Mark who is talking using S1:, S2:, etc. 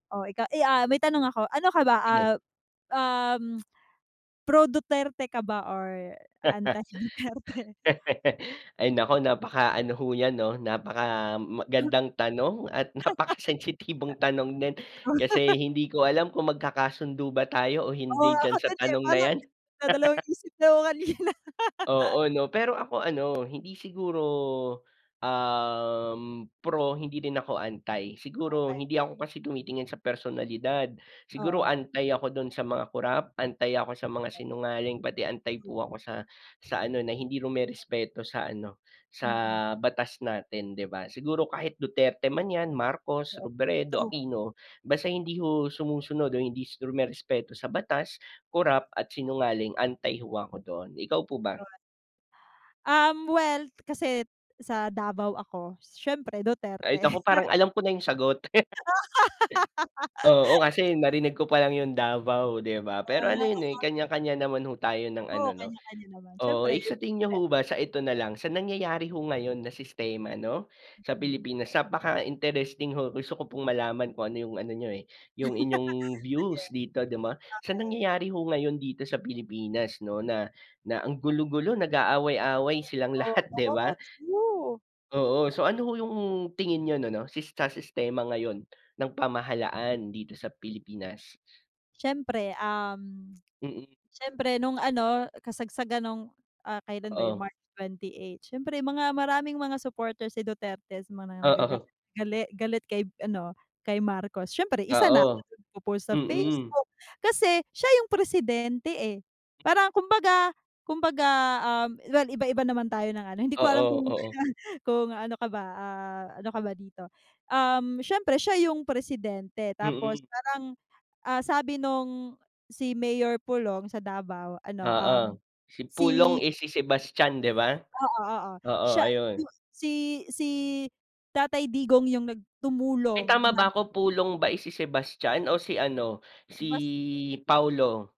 S1: O ikaw, eh ah, may tanong ako, Ano ka ba,
S2: Sige.
S1: ah, um, pro-Duterte ka ba or anti-Duterte?
S2: Ay naku! Napaka-ano ho yan 'no, napaka magandang tanong at napaka sensitibong tanong din, kasi hindi ko alam kung magkakasundo ba tayo o
S1: Oo,
S2: hindi
S1: nga
S2: diyan sa
S1: kasi di
S2: tanong
S1: ba
S2: na 'yan.
S1: nagdadalawang isip na ako kanina.
S2: Oo, 'no. Pero ako ano, hindi siguro, um, pro, hindi rin ako anti, siguro
S1: Okey.
S2: hindi ako kasi tumitingin sa personalidad. Siguro
S1: Oo.
S2: anti ako do'n sa mga corrupt, anti ako sa mga sinungaling, pati anti po ako sa sa ano na hindi rumerespeto sa ano, sa
S1: Mm.
S2: batas natin, 'di ba? Siguro, kahit Duterte man 'yan, Marcos,
S1: Oo.
S2: Robredo,
S1: True.
S2: Aquino, basta hindi ho sumusunod o hindi rumerespeto sa batas, corrupt, at sinungaling, anti ho, ako doon. Ikaw po ba?
S1: Yon. Um, well kasi sa Davao ako, siyempre
S2: Ay
S1: Duterte.
S2: naku, parang alam ko na yung sagot. Oo, kasi narinig ko pa lang yung Davao, 'di ba? Pero ano yon, eh
S1: Ah.
S2: kanya-kanya naman ho tayo ng
S1: Oo,
S2: ano, 'no.
S1: kanya-kanya naman,
S2: Oo,
S1: siyempre.
S2: eh, sa tingin niyo
S1: [unintelligible]
S2: ho ba so ito na lang, sa nangyayari ho ngayon na sistema 'no, sa
S1: Mm.
S2: Pilipinas napaka interesting ho, gusto ko pong malaman kung ano yung ano niyo eh, yung inyong
S1: Sige.
S2: views dito, 'di ba, sa
S1: Okey.
S2: nangyayari ho, ngayon dito sa Pilipinas 'no na, na ang gulo-gulo nag-aaway-away silang lahat, 'di ba?
S1: Oo. True.
S2: Oo. So, ano ho yung tingin niyo no no sista sistema ngayon ng pamahalaan dito sa Pilipinas?
S1: Siyempre um,
S2: Mm.
S1: siyempre nung ano kasagsagan nung ah, kailan ba yon?
S2: Oo.
S1: March 28 siyempre, mga maraming mga supporters si Duterte mga nagaga
S2: Oo.
S1: gali galit kay ano kay Marcos, siyempre isa na ako
S2: Oo.
S1: do'n sa nag po-post sa
S2: Mm.
S1: Facebook. Kasi siya yung presidente eh, parang 'kumbaga 'kumbaga um, well, iba-iba naman tayo ng ano, hindi ko alam
S2: Oo.
S1: kung,
S2: Oo.
S1: kung ano ka ba, ah, ano ka ba dito? Uhm, siyempre siya yung presidente tapos
S2: Mm.
S1: parang, ah sabi nung si Mayor Pulong sa Davao ano, um,
S2: Oo, si
S1: si
S2: Pulong eh, si Sebastian, 'di ba?
S1: Oo, oo.
S2: Oo,
S1: Siya
S2: ayun.
S1: yung si-si tatay Digong yung nag
S2: Ay,
S1: tumulong
S2: tama
S1: na
S2: ba 'ko? Pulong ba eh, si Sebastian o si ano, si
S1: Baste.
S2: Paulo?